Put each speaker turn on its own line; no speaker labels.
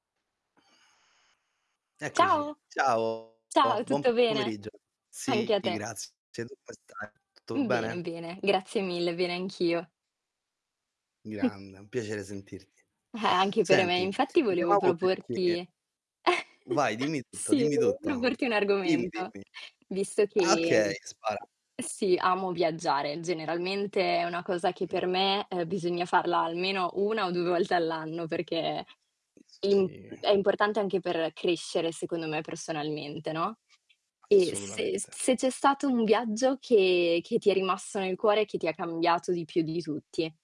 Eccoci.
Ciao.
Ciao,
Ciao,
bon buon
tutto
p
bene?
pomeriggio.
Anche a
Sì,
te.
grazie, tu come stai? Tutto
Mh, bene,
bene?
bene, grazie mille, bene anch'io. Mh.
Grande, è un piacere sentirti.
Eh, anche per me,
Senti,
infatti
ti
volevo
chiamavo perché
proporti
Vai, dimmi tutto,
sì,
dimmi
volevo
tutto.
proporti un
Dimmi,
argomento,
dimmi.
visto
Ah
che,
okay,
mhmm,
spara.
sì, amo viaggiare. Generalmente è una cosa che
Mh.
per me, uhm, bisogna farla almeno 1 o 2 volte all'anno perché
Mh,
imp
sì.
è importante anche per crescere, secondo me, personalmente, no, e se
Assolutamente.
se c'è stato un viaggio che che ti è rimasto nel cuore, che ti ha cambiato di più di tutti.